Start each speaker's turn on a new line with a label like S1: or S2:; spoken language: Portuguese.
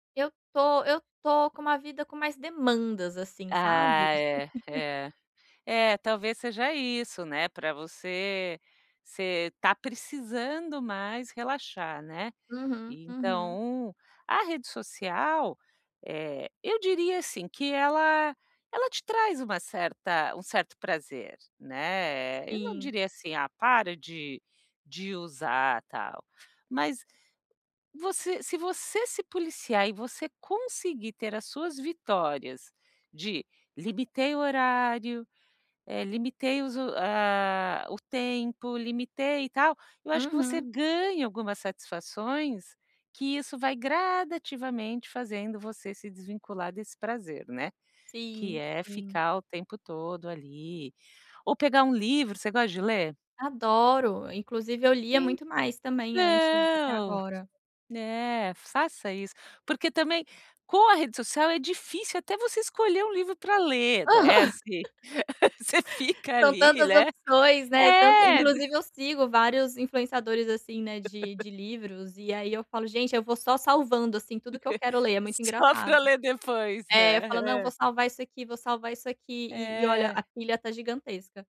S1: Eu estou eu estou com uma vida com mais demandas assim, sabe.
S2: Ah é, é, é talvez seja isso, né, para você você está precisando mais relaxar, né,
S1: Uhum, uhum.
S2: então, a rede social, eh, eu diria assim que ela, ela te traz uma certa um certo prazer, né, eu não
S1: Sim.
S2: diria assim, ah, para de de usar, tal, mas, você se você se policiar e você conseguir ter as suas vitórias de: limitei o horário, limitei os o ah, tempo, limitei e tal, eu acho que você
S1: Uhum.
S2: ganha algumas satisfações, que isso vai gradativamente fazendo você se desvincular desse prazer, né, que
S1: Sim,
S2: é
S1: sim.
S2: ficar o tempo todo ali, ou pegar um livro, você gosta de ler?
S1: Adoro inclusive eu lia muito mais também antes do que
S2: Então,
S1: agora.
S2: né, faça isso, porque também, com a rede social é difícil até você escolher um livro para
S1: Aham.
S2: ler, desce. Você fica
S1: São
S2: ali,
S1: tantas
S2: né,
S1: opções, né, tanto
S2: é.
S1: inclusive eu sigo vários influenciadores assim, né, de de livros e aí eu falo: "Gente eu vou só salvando assim tudo que eu quero ler é muito
S2: Só para
S1: engraçado".
S2: ler depois,
S1: É, eu
S2: né,
S1: falo: "Não vou
S2: é.
S1: salvar isso aqui, vou salvar isso aqui e e olha
S2: É.
S1: a pilha está gigantesca".